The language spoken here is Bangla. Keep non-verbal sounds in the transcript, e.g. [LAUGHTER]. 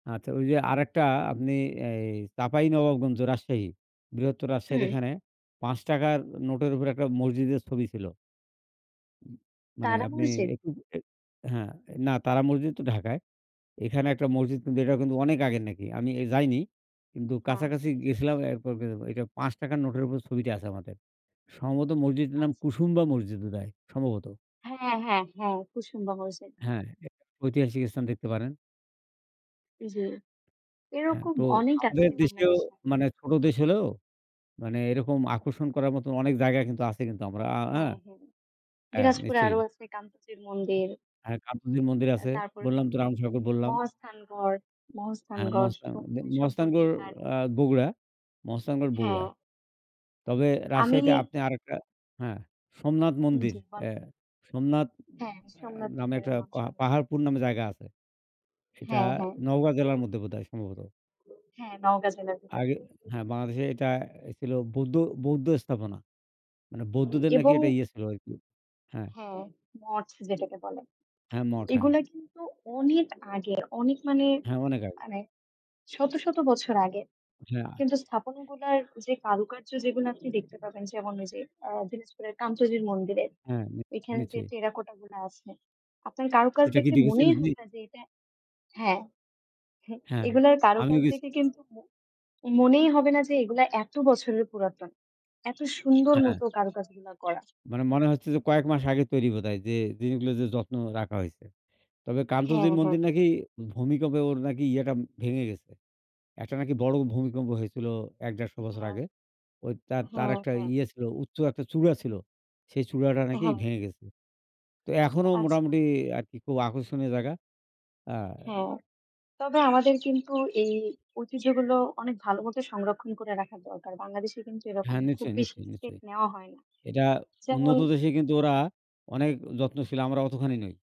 আচ্ছা ওই যে, আরেকটা আপনি অ্যা এই চাপাই নবাবগঞ্জ রাজশাহী। বৃহত্তর রাজশাহীর হুম। এখানে ৫ টাকার নোটের উপর ১ টা মসজিদের ছবি ছিল। উ মানে তারা আপনি মসজিদ? [UNINTELLIGIBLE] হ্যাঁ, এ না, তারা মসজিদ তো ঢাকায়। এখানে একটা মসজিদ কিন্তু এটাও কিন্তু অনেক আগের নাকি। আমি এ যাইনি কিন্তু আচ্ছা, কাছাকাছি জি, জি। গিয়েছিলাম। এরপর বে আ এটা ৫ টাকার নোটের উপর ছবিটা আছে আমাদের। সম্ভবত মসজিদের নাম আচ্ছা। কুসুমবা মসজিদ বোধহয় সম্ভবত। হ্যাঁ, হ্যাঁ, হ্যাঁ। কুসুমবা মসজিদ। হ্যাঁ, এ এ ঐতিহাসিক স্থান দেখতে পারেন। জি। হ্যাঁ, এরকম তো অনেক আছে আমাদের দেশেও বাংলাদেশে। মানে ছোট দেশ হলেও, মানে এরকম আকর্ষণ করার মতন অনেক জায়গা কিন্তু আছে, কিন্তু আমরা আ হ্যাঁ? হ্যাঁ, হ্যাঁ। হ্যাঁ, দিনাজপুরে নিশ্চয়ই। আরও আছে কান্তজির মন্দির। হ্যাঁ কান্তজির মন্দির অ্যা আছে তারপর বললাম, তো হচ্ছে রামসাগর বললাম। মহাস্থানগড়। হ্যাঁ, মহাস্থানগড় স মহাস্থান আ এ সম্পর্কে মহস্থানগড় তার আ বগুড়া। মহস্থানগড়, বগুড়া। হ্যাঁ। তবে আমি রাজশাহীতে আপনি আরেকটা হ্যাঁ, সোমনাথ মন্দির, জি অ্যা বলেন? জি, সোমনাথ হ্যাঁ, অ্যা সোমনাথ নামে মন্দিরের একটা নাম পা শুনেছি। পাহাড়পুর নামে জায়গা আছে। সেটা হ্যাঁ, হ্যাঁ। নওগাঁ জেলার মধ্যে বোধহয় সম্ভবত। হ্যাঁ, নওগাঁ জেলার ভিতরে। আগে হ্যাঁ, বাংলাদেশে এটা এ ছিল বৌদ্ধ, বৌদ্ধ স্থাপনা। মানে বৌদ্ধদের নাকি এবং একটা ইয়ে ছিল আরকি। হ্যাঁ। হ্যাঁ, মঠ যেটাকে বলে। হ্যাঁ, মঠ হ্যাঁ। এগুলা কিন্তু অনেক আগের। অনেক মানে, হ্যাঁ, অনেক আগে। মানে শত, শত বছর আগের। হ্যাঁ, আ কিন্তু স্থাপনগুলার যে কারুকার্য, যেগুলা আপনি দেখতে পাবেন, যেমন ওই যে দিনাজপুর কান্তজির মন্দিরে। হ্যাঁ, নি ওইখানে যে নিশ্চয়ই। টেরাকোটা গুলা আছে, আপনার কারুকাজ এটা কি দেখলে দেখেছেন মনেই আপনি? হবে না যে, এটা হ্যাঁ, হ্যাঁ, হ্যাঁ, এগুলার আমি কারুকাজ গেছি। দেখে কিন্তু ম মনেই হবে না যে, এগুলা এত বছরের পুরাতন। এত সুন্দর হ্যাঁ। মতো কারুকাজ গুলা করা। মানে মনে হচ্ছে যে, কয়েক মাস আগে তৈরি বোধহয়, যে জিনিসগুলো যে যত্ন রাখা হয়েছে। তবে হ্যাঁ, কান্তজির হ্যাঁ। মন্দির নাকি ভূমিকম্পে ওর নাকি ইয়েটা ভেঙে গেছে। একটা নাকি বড় ভূমিকম্প হয়েছিল, ১ ১৫০ বছর হ্যাঁ, আগে। ওই তার, তার হ্যাঁ, একটা হ্যাঁ। ইয়ে ছিল, উচ্চ একটা চূড়া ছিল। সেই চূড়াটা নাকি হ্যাঁ। ভেঙে গেছে। তো ও! এখনও আচ্ছা। মোটামুটি আরকি খুব আকর্ষণীয় জায়গা। আন হ্যাঁ। তবে আমাদের কিন্তু এই ঐতিহ্যগুলো অনেক ভালো মতো সংরক্ষণ করে রাখা দরকার। বাংলাদেশে কিন্তু এরকম হ্যাঁ, খুব নিশ্চয়ই, বেশি নিশ্চয়ই, স্টেপ নিশ্চয়ই। নেওয়া হয় না। এটা যেমন উন্নত দেশে কিন্তু ওরা অনেক যত্নশীল, আমরা অতখানি নই।